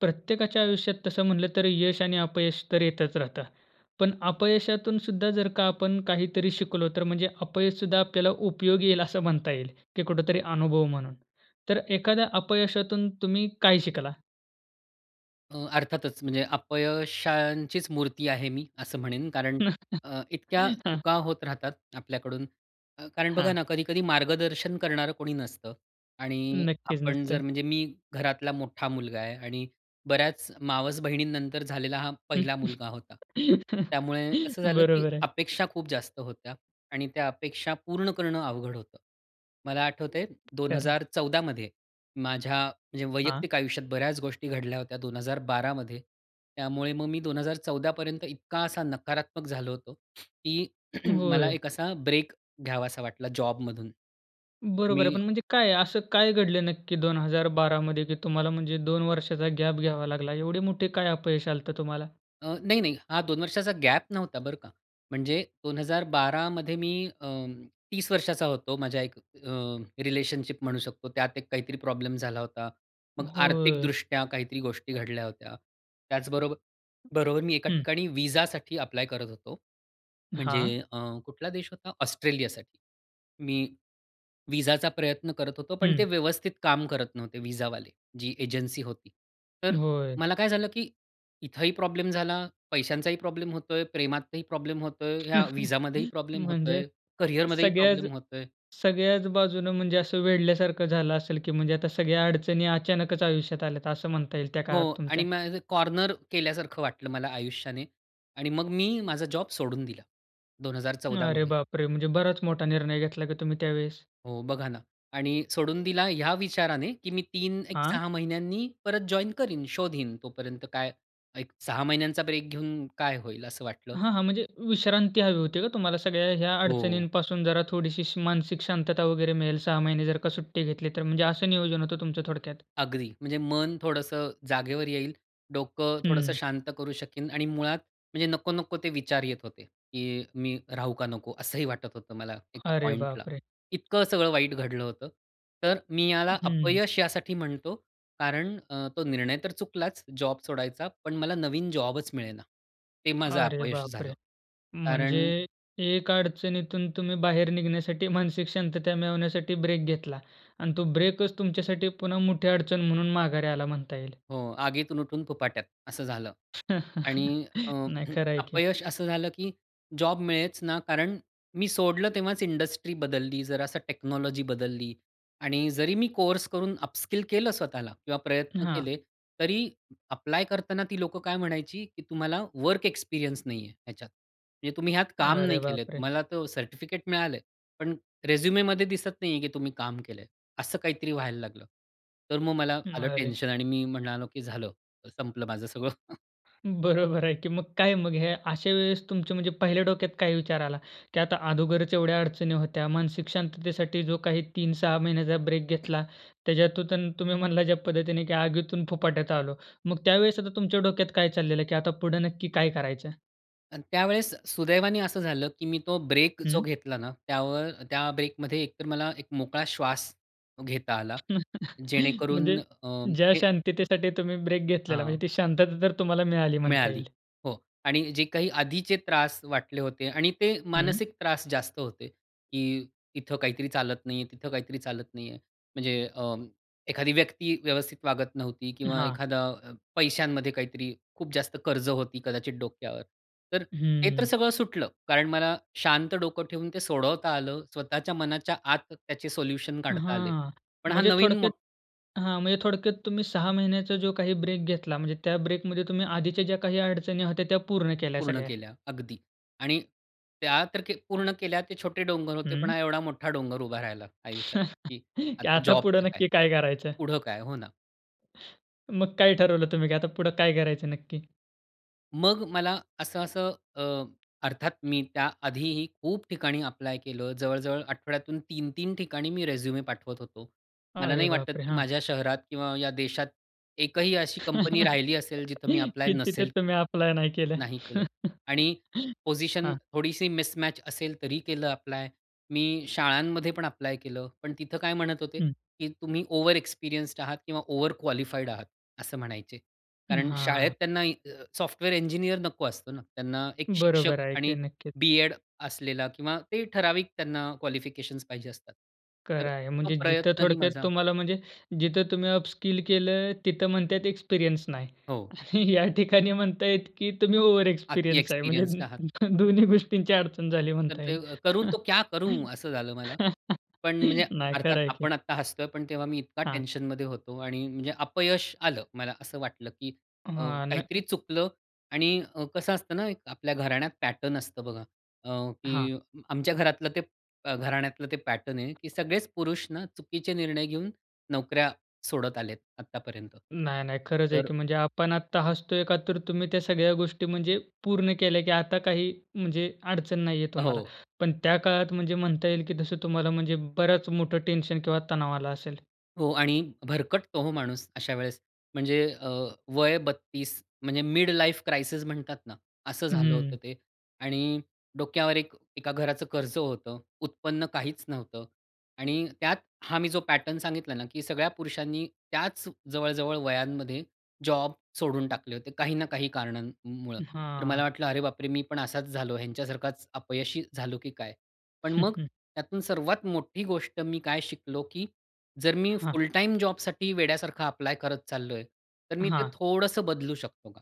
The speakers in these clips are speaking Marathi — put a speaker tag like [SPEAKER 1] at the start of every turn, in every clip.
[SPEAKER 1] प्रत्येकाच्या आयुष्यात तसं म्हटलं तर यश आणि अपयश तर येतचं राहतं. पण अपयशातून सुद्धा जर का आपण काहीतरी शिकलो, तर म्हणजे अपयश सुद्धा आपल्याला उपयोगी येईल असं म्हणता येईल की कुठेतरी अनुभव म्हणून. तर एखाद्या अपयशातून तुम्ही काय शिकला?
[SPEAKER 2] अ, अर्थातच म्हणजे अपयशांचीच मूर्ती आहे मी असं म्हणेन. कारण अ, इतक्या
[SPEAKER 1] हां.
[SPEAKER 2] चुका होत राहतात आपल्याकडून. अ, कारण बघा
[SPEAKER 1] हां.
[SPEAKER 2] ना कधी-कधी मार्गदर्शन करणारं कोणी नसतं. आणि
[SPEAKER 1] नक्कीचं,
[SPEAKER 2] आपण जर
[SPEAKER 1] नसत.
[SPEAKER 2] म्हणजे मी घरातला मोठा मुलगा आहे. आणि बऱ्याच मावस बहिणींनंतर झालेला हा पहिला मुलगा होता. त्यामुळे कसं झालं की
[SPEAKER 1] बरोबर आहे.
[SPEAKER 2] अपेक्षा खूप जास्त होत्या. आणि त्या अपेक्षा पूर्ण करणं अवघड होतं. मला आठवतं आहे दोन
[SPEAKER 1] खरं आहे.
[SPEAKER 2] हजार चौदा मध्ये माझ्या म्हणजे
[SPEAKER 1] हां.
[SPEAKER 2] वैयक्तिक आयुष्यात बऱ्याच गोष्टी घडल्या होत्या 2012 मध्ये, त्यामुळे मग मी 2014 पर्यंत इतका असा नकारात्मक झालो होतो की मला
[SPEAKER 1] होय.
[SPEAKER 2] एक असा ब्रेक घ्यावासा वाटला जॉबमधून तर
[SPEAKER 1] बरोबर आहे.
[SPEAKER 2] मी
[SPEAKER 1] पण म्हणजे काय? असं काय घडलं नक्की 2012 मध्ये की तुम्हाला म्हणजे 2 वर्षाचा गॅप घ्यावा लागला? एवढे मोठे काय अपयश आलं होतं तुम्हाला?
[SPEAKER 2] अ, नाही, नाही. हा 2 वर्षाचा गॅप नव्हता बरं का. म्हणजे 2012 मध्ये मी अं, 30 वर्षाचा होतो. माझ्या एक अ, रिलेशनशिप म्हणू शकतो. त्यात एक काहीतरी प्रॉब्लेम झाला होता. मग आर्थिक
[SPEAKER 1] होय.
[SPEAKER 2] दृष्ट्या काहीतरी गोष्टी घडल्या होत्या. त्याच बरोबर, बरोबर मी एका
[SPEAKER 1] हं.
[SPEAKER 2] ठिकाणी व्हीसासाठी अप्लाय करत होतो. म्हणजे
[SPEAKER 1] हां.
[SPEAKER 2] अ, कुठला देश होता? ऑस्ट्रेलियासाठी. मी व्हीसाचा प्रयत्न करत होतो, पण ते
[SPEAKER 1] हं.
[SPEAKER 2] व्यवस्थित काम करत नव्हते व्हीसावाले, जी एजन्सी होती. तर
[SPEAKER 1] होय.
[SPEAKER 2] मला काय झालं की इथंही प्रॉब्लेम झाला, पैशांचाही प्रॉब्लेम होतो आहे, प्रेमातही प्रॉब्लेम होतो आहे, या व्हीसामध्येही प्रॉब्लेम होतो
[SPEAKER 1] म्हणजे
[SPEAKER 2] आहे, कॅरियरमध्येही
[SPEAKER 1] सगळ्याच,
[SPEAKER 2] प्रॉब्लेम होतो आहे
[SPEAKER 1] सगळ्याच बाजूनं म्हणजे असं वेढल्यासारखं झालं असेल, की म्हणजे आता सगळ्या अडचणी अचानकच आयुष्यात आल्या आहेत असं म्हणता येईल त्या
[SPEAKER 2] हो.
[SPEAKER 1] काळात तुमच्या.
[SPEAKER 2] आणि म असं कॉर्नर केल्यासारखं वाटलं मला आयुष्याने. आणि मग मी माझा जॉब सोडून दिला. 2014
[SPEAKER 1] अरे
[SPEAKER 2] मध्ये.
[SPEAKER 1] बापरे! म्हणजे बराचं मोठा निर्णय घेतला की तुम्ही त्यावेळेस.
[SPEAKER 2] हो. बघा ना आणि सोडून दिला ह्या विचाराने की मी 3 एक
[SPEAKER 1] हां?
[SPEAKER 2] 6 महिन्यांनी परत जॉइन करीन, शोधिन, तोपर्यंत काय एक 6 महिन्यांचा ब्रेक घेऊन काय होईल, असं वाटलं.
[SPEAKER 1] हां, हां. म्हणजे विश्रांती हवी होती का तुम्हाला? सगळ्या ह्या
[SPEAKER 2] हो.
[SPEAKER 1] अडचणींपासून, जरा थोडीशी श मानसिक शांतता वगैरे मिळेल, 6 महिने जर का सुट्टी घेतली तर. म्हणजे असं नियोजन होतं तुमचं थोडक्यात.
[SPEAKER 2] अगदी, म्हणजे मन थोडंसं जागेवर येईल, डोकं थोडंसं
[SPEAKER 1] हं.
[SPEAKER 2] शांत करू शकीन. आणि मुळात म्हणजे नको-नको ते विचार येत होते, की मी राहू का नको? असंही वाटत होतं मला एका
[SPEAKER 1] अरे
[SPEAKER 2] पॉइंटला.
[SPEAKER 1] बापरे!
[SPEAKER 2] इतकं सगळं वाईट घडलं होतं. तर मी याला
[SPEAKER 1] हं.
[SPEAKER 2] अपयश यासाठी म्हणतो कारण अ, तो निर्णय तर चुकलाच जॉब सोडायचा पण मला नवीन जॉबच मिळेना. ते माझं
[SPEAKER 1] अरे
[SPEAKER 2] अपयश झालं.
[SPEAKER 1] बापरे! म्हणजे
[SPEAKER 2] कारण
[SPEAKER 1] एक अडचणीतून तुम्ही बाहेर निघण्यासाठी मानसिक शांतता मिळवण्यासाठी ब्रेक घेतला अन् तो ब्रेकचं तुमच्यासाठी पुन्हा मोठी अडचण म्हणून माघारी आला म्हणता येईल.
[SPEAKER 2] हो, "आगीतून उठून फुफाट्यात." असं झालं. आणि अ,
[SPEAKER 1] नाही, खरं आहे की.
[SPEAKER 2] अपयश असं झालं की जॉब मिळेच ना. कारण मी सोडलं तेव्हाच इंडस्ट्री बदलली, जरा असं टेक्नॉलॉजी बदलली आणि जरी मी कोर्स करून अपस्किल केलं स्वतःला किंवा प्रयत्न
[SPEAKER 1] हां.
[SPEAKER 2] केले, तरी अप्लाय करताना ती लोकं काय म्हणायची की "तुम्हाला वर्क एक्सपिरियन्स नाही आहे ह्याच्यात. म्हणजे तुम्ही ह्यात काम
[SPEAKER 1] अरे
[SPEAKER 2] नाही केलं आहे.
[SPEAKER 1] बापरे!
[SPEAKER 2] तुम्हाला तर सर्टिफिकेट मिळालं आहे, पण रेझ्युमीमध्ये दिसत नाही आहे की तुम्ही काम केलं आहे." असं काहीतरी व्हायला लागलं. तर मग मला आलं
[SPEAKER 1] अरे.
[SPEAKER 2] टेन्शन आणि मी म्हणालो की "झालं, संपल माझं सगळं."
[SPEAKER 1] बरोबर आहे की मग काय मग ह्या अशा वेळेस तुमचं, म्हणजे पहिल्या डोक्यात काय विचार आला? की आता अगोदरच एवढ्या अडचणी होत्या. मानसिक शांततेसाठी जो काही 3-6 महिन्याचा ब्रेक घेतला. त्याच्यातून तु तुम्ही म्हणला ज्या पद्धतीने की आगीतून फुपाट्यात आलो. मग त्यावेळेस आता तुमच्या डोक्यात काय चाललेलं की आता पुढं नक्की काय करायचं?
[SPEAKER 2] आणि त्यावेळेस सुदैवाने असं झालं की मी तो ब्रेक जो
[SPEAKER 1] हं.
[SPEAKER 2] घेतला ना, त्यावर त्या ब्रेकमध्ये एकतर मला एक मोकळा श्वास घेता आला. जेणेकरून
[SPEAKER 1] म्हणजे
[SPEAKER 2] अ,
[SPEAKER 1] ज्या
[SPEAKER 2] हे
[SPEAKER 1] शांततेसाठी तुम्ही ब्रेक घेतलेला, म्हणजे
[SPEAKER 2] हां.
[SPEAKER 1] ती शांतता तर तुम्हाला मिळाली म्हणता
[SPEAKER 2] मिळाली,
[SPEAKER 1] येईल.
[SPEAKER 2] हो आणि जे काही आधीचे त्रास वाटले होते आणि ते
[SPEAKER 1] हं.
[SPEAKER 2] मानसिक त्रास जास्त होते की इथं काहीतरी चालत नाही आहे, तिथं काहीतरी चालत नाही आहे. म्हणजे अ, एखादी व्यक्ती व्यवस्थित वागत नव्हती किंवा
[SPEAKER 1] हां.
[SPEAKER 2] एखादा पैशांमध्ये काहीतरी खूप जास्त कर्ज होती कदाचित डोक्यावर. तर ते तर
[SPEAKER 1] हम्म.
[SPEAKER 2] सगळं सुटलं, कारण मला शांत डोकं ठेवून ते सोडवता आलं. स्वतःच्या मनाच्या आत त्याचे सोल्युशन काढता आले.
[SPEAKER 1] हां,
[SPEAKER 2] पण हा
[SPEAKER 1] म्हणजे
[SPEAKER 2] नवीन
[SPEAKER 1] थोडक्यात
[SPEAKER 2] मोठ
[SPEAKER 1] हां, म्हणजे थोडक्यात तुम्ही 6 महिन्याचा जो काही ब्रेक घेतला. म्हणजे त्या ब्रेकमध्ये तुम्ही आधीच्या ज्या काही अडचणी होत्या, त्या पूर्ण केल्या
[SPEAKER 2] पूर्ण
[SPEAKER 1] सगळ्या.
[SPEAKER 2] केल्या अगदी आणि त्या तर के पूर्ण केल्या ते छोटे डोंगर होते. पण
[SPEAKER 1] हं.
[SPEAKER 2] हा एवढा मोठा डोंगर उभा राहिला आयुष्यात की
[SPEAKER 1] की
[SPEAKER 2] आता
[SPEAKER 1] आता पुढं
[SPEAKER 2] जॉबचं काय?
[SPEAKER 1] नक्की काय करायचं?
[SPEAKER 2] पुढं काय? हो ना.
[SPEAKER 1] मग काय ठरवलं तुम्ही? की आता पुढं काय करायचं नक्की?
[SPEAKER 2] मग मला असं-असं अ, अर्थात मी त्या आधीही खूप ठिकाणी ॲप्लाय केलं. जवळ-जवळ आठवड्यातून 3-3 ठिकाणी मी रिझ्युमे पाठवत होतो. मला
[SPEAKER 1] अरे
[SPEAKER 2] नाही वाटत
[SPEAKER 1] बापरे!
[SPEAKER 2] की
[SPEAKER 1] हां.
[SPEAKER 2] माझ्या शहरात किंवा या देशात एकही अशी कंपनी राहिली असेल जिथे मी ॲप्लाय
[SPEAKER 1] की तिथे
[SPEAKER 2] नसेल
[SPEAKER 1] तुम्ही
[SPEAKER 2] केलं
[SPEAKER 1] ॲप्लाय नाही केलं.
[SPEAKER 2] नाही केलं. आणि पोझिशन
[SPEAKER 1] हां.
[SPEAKER 2] थोडीशी मिसमॅच असेल तरी केलं ॲप्लाय. मी शाळांमध्ये पण ॲप्लाय केलं. पण तिथं काय म्हणत होते?
[SPEAKER 1] हं.
[SPEAKER 2] की तुम्ही ओव्हर एक्सपिरियन्स्ड आहात किंवा ओव्हर क्वालिफाईड आहात असं म्हणायचे.
[SPEAKER 1] अं,
[SPEAKER 2] कारण शाळेत
[SPEAKER 1] हां.
[SPEAKER 2] त्यांना सॉफ्टवेअर इंजिनिअर नको असतो ना, त्यांना एक शिक्षक
[SPEAKER 1] बरोबर आहे
[SPEAKER 2] आणि
[SPEAKER 1] की. नक्कीच.
[SPEAKER 2] बी-एड असलेला किंवा ते ठराविक त्यांना क्वालिफिकेशन्स पाहिजे असतात. तर
[SPEAKER 1] खरं आहे
[SPEAKER 2] तो
[SPEAKER 1] म्हणजे जिथं
[SPEAKER 2] प्रयत्नही
[SPEAKER 1] थोडक्यात
[SPEAKER 2] माझा
[SPEAKER 1] तुम्हाला म्हणजे जिथं तुम्ही अपस्किल केलं तिथं म्हणता आहेत एक्सपिरियन्स नाही.
[SPEAKER 2] हो.
[SPEAKER 1] या ठिकाणी म्हणता आहेत, की तुम्ही ओव्हर
[SPEAKER 2] अती
[SPEAKER 1] एक्सपिरियन्स आहे.
[SPEAKER 2] एक्सपिरियन्सड आहात.
[SPEAKER 1] म्हणजे दोन्ही गोष्टींची अडचण झाली
[SPEAKER 2] तर
[SPEAKER 1] म्हणता
[SPEAKER 2] ते
[SPEAKER 1] येईल.
[SPEAKER 2] करू तो क्या करू असं झालं मला. पण म्हणजे
[SPEAKER 1] नाही
[SPEAKER 2] अर्थात
[SPEAKER 1] खरं आहे की.
[SPEAKER 2] आपण आता हसतो आहे, पण तेव्हा मी इतका
[SPEAKER 1] हां.
[SPEAKER 2] टेन्शनमध्ये होतो आणि म्हणजे अपयश आलं. मला असं वाटलं की अ,
[SPEAKER 1] हां. न
[SPEAKER 2] काहीतरी चुकलं आणि कसं असतं ना, आपल्या घराण्यात पॅटर्न असतं बघा, अ,
[SPEAKER 1] हां.
[SPEAKER 2] की आमच्या घरातलं ते घराण्यातलं ते पॅटर्न आहे की सगळेच पुरुष ना, चुकीचे निर्णय घेऊन नोकऱ्या सोडत आलेत आत्तापर्यंत.
[SPEAKER 1] नाही, नाही, खरंच आहे
[SPEAKER 2] तर
[SPEAKER 1] की. म्हणजे आपण आता हसतो आहे का, तर तुम्ही त्या सगळ्या गोष्टी म्हणजे पूर्ण केल्या, की आता काही म्हणजे अडचण नाही आहे
[SPEAKER 2] अ,
[SPEAKER 1] तुम्हाला.
[SPEAKER 2] हो.
[SPEAKER 1] पण त्या काळात म्हणजे म्हणता येईल की जसं तुम्हाला म्हणजे बरंच मोठं टेन्शन किंवा तणाव आलं असेल.
[SPEAKER 2] हो. आणि भरकटतो हो माणूस अशा वेळेस म्हणजे अ, वय 32 म्हणजे मिड लाईफ क्रायसिस म्हणतात ना, असं झालं होतं
[SPEAKER 1] हं.
[SPEAKER 2] ते. आणि डोक्यावर एक एका घराचं कर्ज होतं उत्पन्न काहीच नव्हतं. आणि त्यात हा मी जो पॅटर्न सांगितला ना की सगळ्या पुरुषांनी त्याच जवळ, जवळ वयांमध्ये जॉब सोडून टाकले होते. काही ना काही कारणांमुळ.
[SPEAKER 1] अ,
[SPEAKER 2] तर मला
[SPEAKER 1] हां.
[SPEAKER 2] वाटलं, "अरे बापरे! मी पण असाच झालो, ह्यांच्यासारखाच अपयशी झालो की काय?" पण, मग त्यातून सर्वात मोठी गोष्ट मी काय शिकलो? की जर मी
[SPEAKER 1] हां.
[SPEAKER 2] फुल टाईम जॉबसाठी वेड्यासारखा ॲप्लाय करत चाललो आहे, तर मी ते
[SPEAKER 1] हां.
[SPEAKER 2] थोडंसं बदलू शकतो का?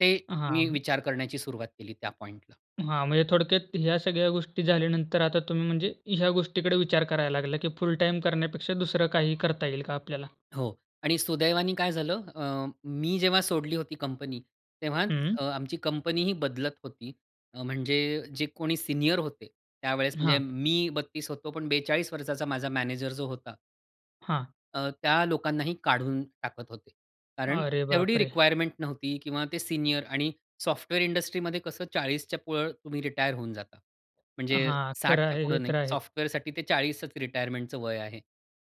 [SPEAKER 2] ते
[SPEAKER 1] हां,
[SPEAKER 2] मी
[SPEAKER 1] अं
[SPEAKER 2] विचार करण्याची सुरुवात केली त्या पॉइंटला.
[SPEAKER 1] हां, म्हणजे थोडक्यात ह्या सगळ्या गोष्टी झाल्यानंतर आता तुम्ही म्हणजे ह्या गोष्टीकडे विचार करायला लागला, की फुल टाईम करण्यापेक्षा दुसरं काही करता येईल का आपल्याला?
[SPEAKER 2] हो. आणि सुदैवाने काय झालं? अ, मी जेव्हा सोडली होती कंपनी तेव्हाच
[SPEAKER 1] हं.
[SPEAKER 2] अ, आमची कंपनी ही बदलत होती. म्हणजे जे कोणी सीनियर होते त्यावेळेस म्हणजे
[SPEAKER 1] हां.
[SPEAKER 2] मी 32 होतो, पण 42 वर्षाचा माझा मॅनेजर जो होता
[SPEAKER 1] हां.
[SPEAKER 2] अ, त्या लोकांनाही काढून टाकत होते. कारण
[SPEAKER 1] अरे,
[SPEAKER 2] तेवढी
[SPEAKER 1] बापरे!
[SPEAKER 2] रिक्वायरमेंट नव्हती किंवा ते सीनियर आणि सॉफ्टवेअर इंडस्ट्रीमध्ये कसं 40च्या पुढं तुम्ही रिटायर होऊन जाता. म्हणजे
[SPEAKER 1] हां, खरं
[SPEAKER 2] 60च्या
[SPEAKER 1] आहे,
[SPEAKER 2] पुढे
[SPEAKER 1] हे तर
[SPEAKER 2] नाही.
[SPEAKER 1] आहे.
[SPEAKER 2] सॉफ्टवेअरसाठी ते 40चं रिटायरमेंटच वय आहे.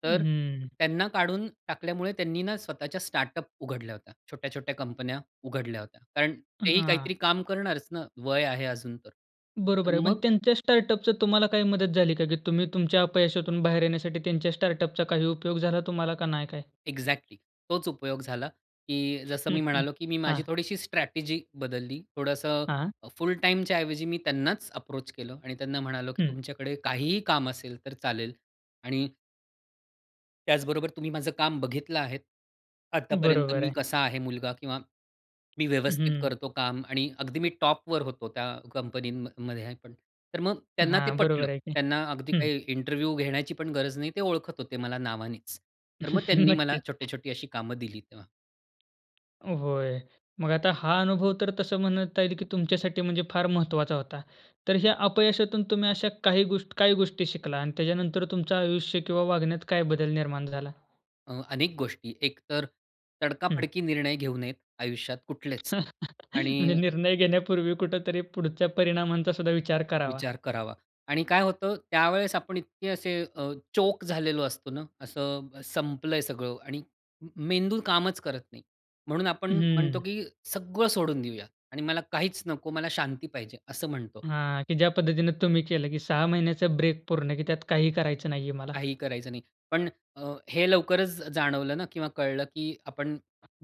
[SPEAKER 2] तर
[SPEAKER 1] हं.
[SPEAKER 2] त्यांना काढून टाकल्यामुळे त्यांनी ना, स्वतःच्या स्टार्टअप उघडल्या होत्या. छोट्या-छोट्या कंपन्या उघडल्या होत्या. कारण तेही
[SPEAKER 1] हां.
[SPEAKER 2] काहीतरी काम करणारचं ना, वय आहे अजूनतर. तर
[SPEAKER 1] बरोबर आहे. पण
[SPEAKER 2] मग
[SPEAKER 1] त्यांच्या स्टार्टअपचं तुम्हाला काही मदत झाली का? की तुम्ही तुमच्या अपयशातून बाहेर येण्यासाठी त्यांच्या स्टार्टअपचा काही उपयोग झाला तुम्हाला का नाही काय?
[SPEAKER 2] एक्झॅक्टली, तोच उपयोग झाला. की जसं मी म्हणालो की मी माझी
[SPEAKER 1] हां.
[SPEAKER 2] थोडीशी स्ट्रॅटेजी बदलली. थोडंसं
[SPEAKER 1] हां, हां.
[SPEAKER 2] फुल टाईमच्या ऐवजी मी त्यांनाच अप्रोच केलं आणि त्यांना म्हणालो की
[SPEAKER 1] हं.
[SPEAKER 2] तुमच्याकडे काहीही काम असेल तर चालेल. आणि त्याचबरोबर तुम्ही माझं काम बघितलं आहे. आतापर्यंत
[SPEAKER 1] बरोबर
[SPEAKER 2] मी
[SPEAKER 1] आहे.
[SPEAKER 2] कसा आहे मुलगा किंवा मी
[SPEAKER 1] हं,
[SPEAKER 2] व्यवस्थित
[SPEAKER 1] हं.
[SPEAKER 2] करतो काम आणि अगदी मी टॉपवर होतो त्या कंपनीमध्ये [unintelligible] पण. तर मग त्यांना ते
[SPEAKER 1] हां.
[SPEAKER 2] पटलं.
[SPEAKER 1] बरोबर आहे की.
[SPEAKER 2] त्यांना अगदी
[SPEAKER 1] हं.
[SPEAKER 2] काही इंटरव्ह्यू घेण्याची पण गरज नाही. ते ओळखत होते मला नावानेच. तर मग त्यांनी मला
[SPEAKER 1] नक्कीच.
[SPEAKER 2] छोटे-छोटी अशी कामं दिली तेव्हा.
[SPEAKER 1] होय. मग आता हा अनुभव तर तसं म्हणता येईल की तुमच्यासाठी म्हणजे फार महत्वाचा होता. तर ह्या अपयशातून तुम्ही अशा काही गोष्ट काय गोष्टी शिकला आणि त्याच्यानंतर तुमचं आयुष्य किंवा वागण्यात काय बदल निर्माण झाला?
[SPEAKER 2] अ, अनेक गोष्टी. एकतर
[SPEAKER 1] हं.
[SPEAKER 2] तडकाफडकी निर्णय घेऊ नयेत, आयुष्यात कुठलेच
[SPEAKER 1] म्हणजे
[SPEAKER 2] आणि
[SPEAKER 1] निर्णय घेण्यापूर्वी कुठेतरी पुढच्या परिणामांचा सुद्धा विचार करावा.
[SPEAKER 2] विचार करावा आणि काय होतं त्यावेळेस आपण इतके असे अ, चोक झालेलो असतो ना, असं संपलंय सगळं आणि मेंदू कामच करत नाही. म्हणून आपण म्हणतो
[SPEAKER 1] हं.
[SPEAKER 2] की सगळं सोडून देऊया आणि मला काहीच नको, मला शांती पाहिजे, असं म्हणतो.
[SPEAKER 1] हां, की ज्या पद्धतीने तुम्ही केलं की 6 महिन्याचा ब्रेक पूर्ण, की त्यात काही करायचं नाही आहे मला.
[SPEAKER 2] काहीही करायचं नाही. पण अ, हे लवकरच जाणवलं ना किंवा कळलं की आपण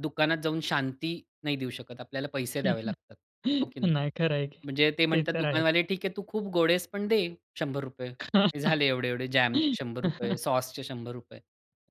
[SPEAKER 2] दुकानात जाऊन शांती नाही देऊ शकत. आपल्याला पैसे द्यावे लागतात. हो की नाही?
[SPEAKER 1] नाही, खरं आहे की.
[SPEAKER 2] म्हणजे ते
[SPEAKER 1] ते
[SPEAKER 2] म्हणतात
[SPEAKER 1] तर आहे.
[SPEAKER 2] दुकानवाले ठीक आहे तू खूप गोड आहेस पण दे, ₹100. झाले एवढे-एवढे जॅमचे ₹100 रुपये, सॉसचे ₹100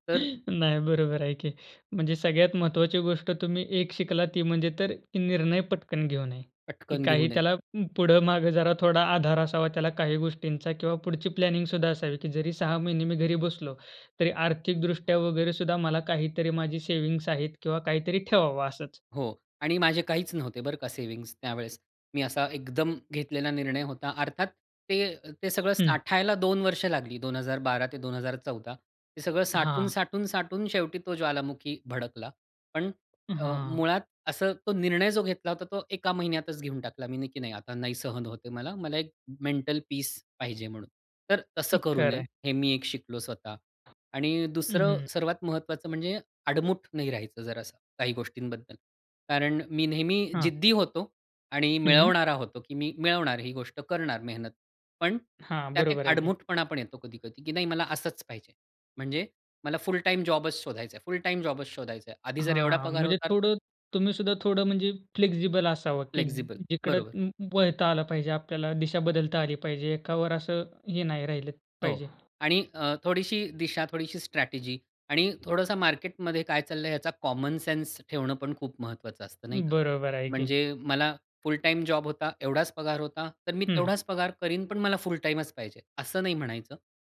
[SPEAKER 2] तर
[SPEAKER 1] नाही बरोबर आहे की म्हणजे सगळ्यात महत्त्वाची गोष्ट तुम्ही एक शिकला, ती म्हणजे तर की निर्णय पटकन घेऊ नये, की
[SPEAKER 2] पटकन
[SPEAKER 1] काही
[SPEAKER 2] घेऊन ये.
[SPEAKER 1] त्याला पुढं मागं जरा थोडा आधार असावा त्याला, काही गोष्टींचा किंवा पुढची प्लॅनिंग सुद्धा असावी की जरी 6 महिने मी घरी बसलो, तरी आर्थिकदृष्ट्या वगैरे सुद्धा मला काहीतरी माझी सेव्हिंग्स आहेत किंवा काहीतरी ठेवावं असंच.
[SPEAKER 2] हो आणि माझे काहीच नव्हते बरं का सेव्हिंग्ज त्यावेळेस. मी असा एकदम घेतलेला निर्णय होता. अर्थात ते ते सगळं
[SPEAKER 1] हं.
[SPEAKER 2] साठायला 2 वर्ष लागली. 2012 ते 2014. ते सगळं साठवून,
[SPEAKER 1] हां.
[SPEAKER 2] साठवून, साठवून शेवटी तो ज्वालामुखी भडकला. पण
[SPEAKER 1] अ,
[SPEAKER 2] अ,
[SPEAKER 1] हां.
[SPEAKER 2] मुळात असं तो निर्णय घेतला होता, तो एका महिन्यातच घेऊन टाकला. मी नक्की नाही आता नाही सहन होत मला, मला एक मेंटल पीस पाहिजे म्हणून. तर
[SPEAKER 1] अ,
[SPEAKER 2] तसं करू
[SPEAKER 1] खरं
[SPEAKER 2] नये,
[SPEAKER 1] आहे.
[SPEAKER 2] हे मी एक शिकलो स्वतः आणि
[SPEAKER 1] अ,
[SPEAKER 2] दुसरं
[SPEAKER 1] हं.
[SPEAKER 2] सर्वात महत्वाचं म्हणजे आडमुठ नाही राहायचं जरा असं, काही गोष्टींबद्दल. कारण मी नेहमी
[SPEAKER 1] हां.
[SPEAKER 2] जिद्दी होतो आणि
[SPEAKER 1] हं.
[SPEAKER 2] मिळवणारा होतो, की मी मिळवणार ही गोष्ट करणार मेहनत. पण
[SPEAKER 1] हां,
[SPEAKER 2] त्यात एक
[SPEAKER 1] बरोबर आहे की.
[SPEAKER 2] आडमुठपणा पण येतो कधी-कधी, की नाही मला असच पाहिजे. म्हणजे मला फुल टाईम जॉबच शोधायच आहे, फुल टाईम जॉबच शोधायच आहे. आधी जर एवढा
[SPEAKER 1] हां.
[SPEAKER 2] पगार
[SPEAKER 1] म्हणजे
[SPEAKER 2] होता तर
[SPEAKER 1] थोडं, तुम्ही सुद्धा थोडं म्हणजे फ्लेक्सिबल असावं की
[SPEAKER 2] फ्लेक्सिबल,
[SPEAKER 1] जि जिकडं
[SPEAKER 2] बरोबर.
[SPEAKER 1] व वळता आलं पाहिजे, आपल्याला दिशा बदलता आली पाहिजे, एकावर असं हे नाही राहिलं
[SPEAKER 2] हो
[SPEAKER 1] पाहिजे.
[SPEAKER 2] आणि अ, थोडीशी दिशा, थोडीशी स्ट्रॅटेजी आणि थोडंस मार्केटमध्ये काय चाललंय याचा कॉमन सेन्स ठेवणं पण खूप महत्वाचं असतं, नाही का?
[SPEAKER 1] बरोबर आहे की.
[SPEAKER 2] म्हणजे मला फुल टाईम जॉब होता, एवढाच पगार होता. तर मी
[SPEAKER 1] हं.
[SPEAKER 2] तेवढाच पगार करीन, पण मला फुल टाईमच पाहिजे, असं नाही म्हणायचं.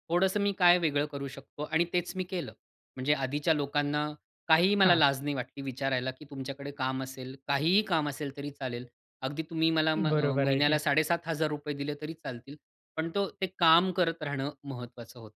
[SPEAKER 2] थोडंसं मी काय वेगळं करू शकतो आणि तेच मी केलं. म्हणजे आधीच्या लोकांना काहीही मला
[SPEAKER 1] हां.
[SPEAKER 2] लाज नाही वाटली विचारायला, की तुमच्याकडे काम असेल, काहीही काम असेल तरी चालेल. अगदी तुम्ही मला म
[SPEAKER 1] बरोबर आहे
[SPEAKER 2] महिन्याला
[SPEAKER 1] की.
[SPEAKER 2] ₹7500 दिले तरी चालतील. पण तो ते काम करत राहणं महत्वाचं होतं.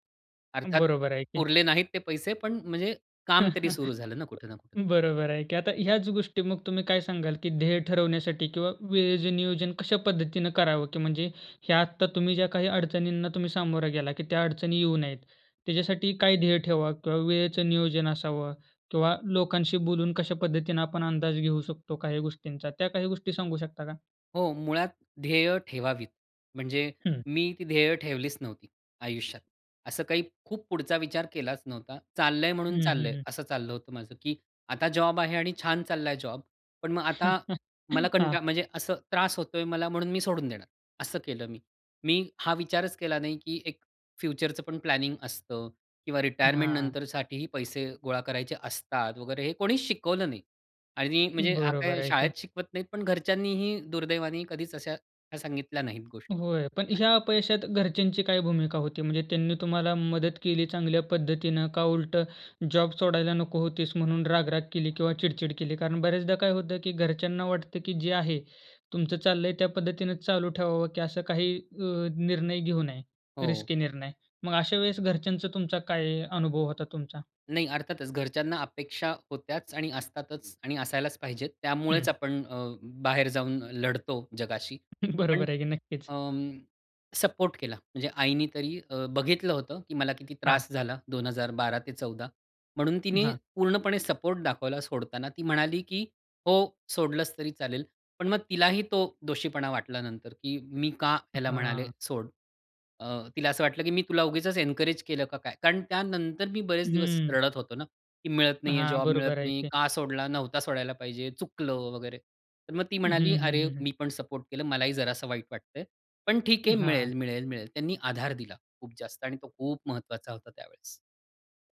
[SPEAKER 2] अर्थात
[SPEAKER 1] बरोबर आहे की.
[SPEAKER 2] पुरले नाहीत ते पैसे, पण म्हणजे काम तरी सुरू झालं ना कुठे ना कुठे.
[SPEAKER 1] बरोबर आहे की. आता ह्याच गोष्टी मग तुम्ही काय सांगाल, की ध्येय ठरवण्यासाठी किंवा वेळेचं नियोजन कश्या पद्धतीने करावं, की म्हणजे हे आत्ता तुम्ही ज्या काही अडचणींना सामोरे गेला, की त्या अडचणी येऊ नयेत, त्याच्यासाठी काही ध्येय ठेवा किंवा वेळेचं नियोजन असावं किंवा लोकांशी बोलून कश्या पद्धतीनं आपण अंदाज घेऊ शकतो, काही गोष्टींचा. त्या काही गोष्टी सांगू शकता का?
[SPEAKER 2] हो. मुळात ध्येय ठेवावीत. म्हणजे
[SPEAKER 1] हं.
[SPEAKER 2] मी ती ध्येय ठेवलीच नव्हती, आयुष्यात. असं काही खूप पुढचा विचार केलाच नव्हता. चाललं आहे म्हणून
[SPEAKER 1] हं,
[SPEAKER 2] चाललं
[SPEAKER 1] हं,
[SPEAKER 2] आहे.
[SPEAKER 1] हं.
[SPEAKER 2] असं चाललं होतं माझं, की आता जॉब आहे आणि छान चालला आहे जॉब. पण मग आता मला कंट
[SPEAKER 1] हां.
[SPEAKER 2] म्हणजे असं त्रास होतो आहे मला म्हणून मी सोडून देणार. असं केलं मी. मी हा विचारच केला नाही, की एक फ्युचरचं पण प्लॅनिंग असतं किंवा रिटायरमेंट
[SPEAKER 1] हां.
[SPEAKER 2] नंतर साठीही पैसे गोळा करायचे असतात वगैरे हे कोणीच शिकवलं नाही. आणि म्हणजे हा
[SPEAKER 1] बरोबर
[SPEAKER 2] काही
[SPEAKER 1] आहे
[SPEAKER 2] शाळेत
[SPEAKER 1] की.
[SPEAKER 2] शिकवत नाहीत पण घरच्यांनीही दुर्दैवाने कधीच अश्या सांगितल्या नाहीत गोष्टी.
[SPEAKER 1] होय. पण ह्या
[SPEAKER 2] असं.
[SPEAKER 1] अपयशात घरच्यांची काय भूमिका होती? म्हणजे त्यांनी तुम्हाला मदत केली चांगल्या पद्धतीनं, का उलटं जॉब सोडायला नको होतीस, म्हणून राग, राग केली किंवा चिडचिड केली. कारण बऱ्याचदा काय होतं? की घरच्यांना वाटतं की जे आहे तुमचं चाललं आहे, त्या पद्धतीनं चालू ठेवावं. की असं काही अ, निर्णय घेऊ नये,
[SPEAKER 2] हो.
[SPEAKER 1] रिस्की निर्णय. मग अशा वेळेस घरच्यांचा तुमचा काय अनुभव होता तुमचा?
[SPEAKER 2] नाही. अर्थातच घरच्यांना अपेक्षा होत्याच, आणि असतातच, आणि असायलाच पाहिजेत. त्यामुळेच
[SPEAKER 1] हं.
[SPEAKER 2] आपण अ, बाहेर जाऊन लढतो जगाशी. पण
[SPEAKER 1] बरोबर आहे की. नक्कीच.
[SPEAKER 2] अं, सपोर्ट केला. म्हणजे आईनी तरी अ, बघितलं होतं की मला किती
[SPEAKER 1] हां.
[SPEAKER 2] त्रास झाला दोन हजार 12 ते 14 म्हणून तिने
[SPEAKER 1] हां.
[SPEAKER 2] पूर्णपणे सपोर्ट दाखवला सोडताना ती म्हणाली की हो सोडलंस तरी चालेल. पण मग तिलाही तो दोषीपणा वाटला नंतर की मी का
[SPEAKER 1] अ,
[SPEAKER 2] ह्याला म्हणाले
[SPEAKER 1] हां.
[SPEAKER 2] सोड. अ, तिला असं वाटलं की मी तुला उगीचच एन्करेज केलं का काय? कारण त्यानंतर मी बरेच दिवस
[SPEAKER 1] हं.
[SPEAKER 2] रडत होतो ना, की मिळत नाही आहे,
[SPEAKER 1] हां.
[SPEAKER 2] जॉब मिळत
[SPEAKER 1] बरोबर आहे
[SPEAKER 2] नाही.
[SPEAKER 1] की.
[SPEAKER 2] का सोडला नव्हता सोडायला पाहिजे, चुकलं वगैरे. तर मग ती
[SPEAKER 1] हं,
[SPEAKER 2] म्हणाली,
[SPEAKER 1] हं,
[SPEAKER 2] "अरे!
[SPEAKER 1] हं, हं.
[SPEAKER 2] मी पण सपोर्ट केलं मलाही जरासं वाईट वाटतं आहे, पण ठीक
[SPEAKER 1] अ,
[SPEAKER 2] आहे
[SPEAKER 1] हां.
[SPEAKER 2] मिळेल, मिळेल, मिळेल." त्यांनी आधार दिला खूप जास्त आणि तो खूप महत्वाचा होता त्यावेळेस.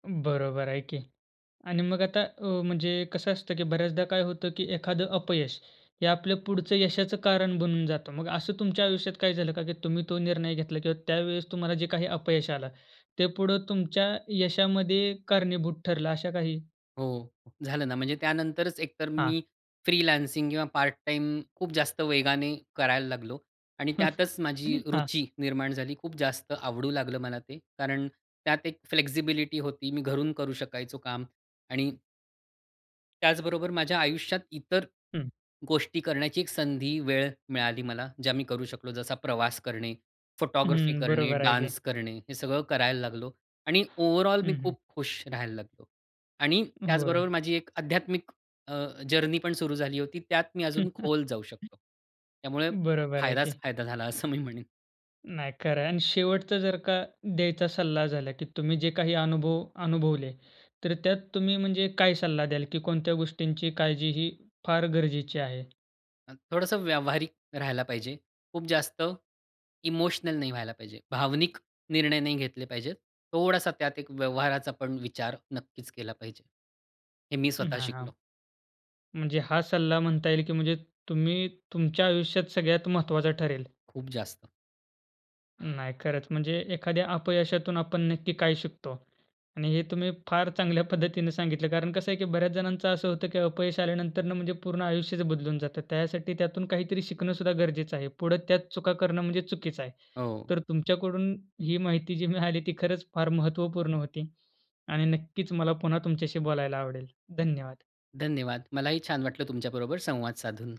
[SPEAKER 1] बरोबर आहे की. आणि मग आता अ, म्हणजे कसं असतं की बऱ्याचदा काय होतं की एखादं अपयश हे आपल्या पुढचं यशाचं कारण बनून जातं. मग असं तुमच्या आयुष्यात काय झालं का? की तुम्ही तो निर्णय घेतला किंवा त्यावेळेस तुम्हाला जे काही अपयश आलं ते पुढं तुमच्या यशामध्ये कारणीभूत ठरलं अशा काही?
[SPEAKER 2] हो, झालं ना, म्हणजे त्यानंतरच एकतर
[SPEAKER 1] हां.
[SPEAKER 2] मी फ्रीलान्सिंग किंवा पार्ट टाईम खूप जास्त वेगाने करायला लागलो आणि त्यातच माझी
[SPEAKER 1] हां.
[SPEAKER 2] रुची निर्माण झाली. खूप जास्त आवडू लागलं मला ते. कारण त्यात एक फ्लेक्सिबिलिटी होती. मी घरून करू शकायचो काम आणि त्याचबरोबर माझ्या आयुष्यात इतर
[SPEAKER 1] हं.
[SPEAKER 2] गोष्टी करण्याची एक संधी वेळ मिळाली मला ज्या मी करू शकलो. जसा प्रवास करणे, फोटोग्राफी
[SPEAKER 1] हं.
[SPEAKER 2] करणे,
[SPEAKER 1] बरोबर आहे की.
[SPEAKER 2] डान्स करणे, हे सगळं करायला लागलो आणि ओव्हरऑल मी
[SPEAKER 1] हं, हं.
[SPEAKER 2] खूप खुश राहायला लागलो. आणि
[SPEAKER 1] होय.
[SPEAKER 2] त्याचबरोबर माझी एक आध्यात्मिक अ, जर्नी पण सुरू झाली होती. त्यात मी अजून खोल जाऊ शकतो. त्यामुळे
[SPEAKER 1] बरोबर आहे
[SPEAKER 2] फायदाच
[SPEAKER 1] की.
[SPEAKER 2] फायदा झाला असं मी म्हणेन.
[SPEAKER 1] नाही, खरं आहे आणि शेवटचा जर का द्यायचा सल्ला झाला की तुम्ही जे काही अनुभव अनुभवले, तर त्यात तुम्ही म्हणजे काय सल्ला द्याल की कोणत्या गोष्टींची काळजी ही फार गरजेची आहे?
[SPEAKER 2] अ, थोडंसं व्यावहारिक राहायला पाहिजे. खूप जास्त इमोशनल नाही व्हायला पाहिजे. भावनिक निर्णय नाही घेतले पाहिजेत. थोडासा त्यात एक व्यवहाराचा पण विचार नक्कीच केला पाहिजे. हे मी स्वतः
[SPEAKER 1] हां, हां.
[SPEAKER 2] शिकलो.
[SPEAKER 1] म्हणजे हा सल्ला म्हणता येईल की म्हणजे तुम्ही तुमच्या आयुष्यात सगळ्यात महत्वाचा ठरेल.
[SPEAKER 2] खूप जास्त.
[SPEAKER 1] नाही खरंच, म्हणजे एखाद्या अपयशातून आपण नक्की काय शिकतो आणि हे तुम्ही फार चांगल्या पद्धतीने सांगितलं कारण कसं आहे की बऱ्याच जणांचं असं होतं की अपयश आल्यानंतर म्हणजे पूर्ण आयुष्यच बदलून जातं. त्यासाठी त्यातून काहीतरी शिकणं सुद्धा गरजेचं आहे. पुढं त्यात चुका करणं म्हणजे चुकीचं आहे.
[SPEAKER 2] हो.
[SPEAKER 1] तर तुमच्याकडून ही माहिती जी मिळाली ती खरंच फार महत्त्वपूर्ण होती आणि नक्कीच मला पुन्हा तुमच्याशी बोलायला आवडेल. धन्यवाद.
[SPEAKER 2] धन्यवाद, मलाही छान वाटलं तुमच्याबरोबर संवाद साधून.